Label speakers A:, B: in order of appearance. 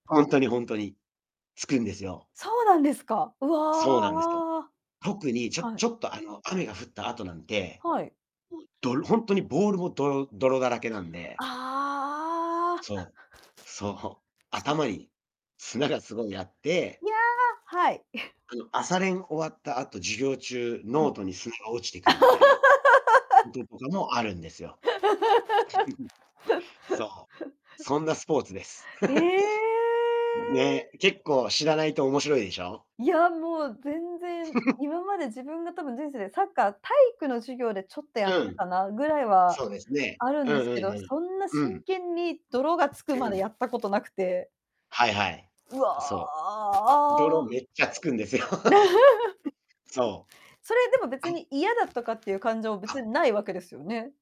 A: ほんとにほんとに、つくんですよ。
B: そうなんですか。う
A: そうなんですよ。
B: わ。
A: 特にちょ
B: はい。
A: ちょっとあの雨が降った後なんで、
B: はい。
A: うどほんとにボールも泥泥だらけなんで。
B: ああ。
A: そう。そう。
B: し
A: 頭に砂がすごいあって
B: いや、はい。
A: あの朝練終わった後、授業中
B: う
A: ノー
B: ん。
A: トに砂が落ちてくるみたいなこと とかもあるんですよ。そう。そ んなスポーツです。
B: え え。
A: ね。結構知らないと面白いでしょう？
B: いや、もう、全然、今まで自分が多分人生でサッカー体育の授業でちょっとやっ
A: う
B: た
A: ん。
B: かなぐらいは
A: そうですね。
B: あるん
A: う
B: です
A: ん
B: け
A: うん
B: ど、
A: うん。
B: そんな
A: う
B: 真
A: ん。
B: 剣に泥がつく
A: う
B: まで
A: ん。
B: やったことなくて。
A: はいはい。
B: う
A: すそう。泥
B: わ。
A: めっちゃつくんですよ。そう。
B: それでも
A: あ
B: 別
A: っ。
B: に嫌だとかっていう感情も
A: あっ。
B: 別にないわけですよね。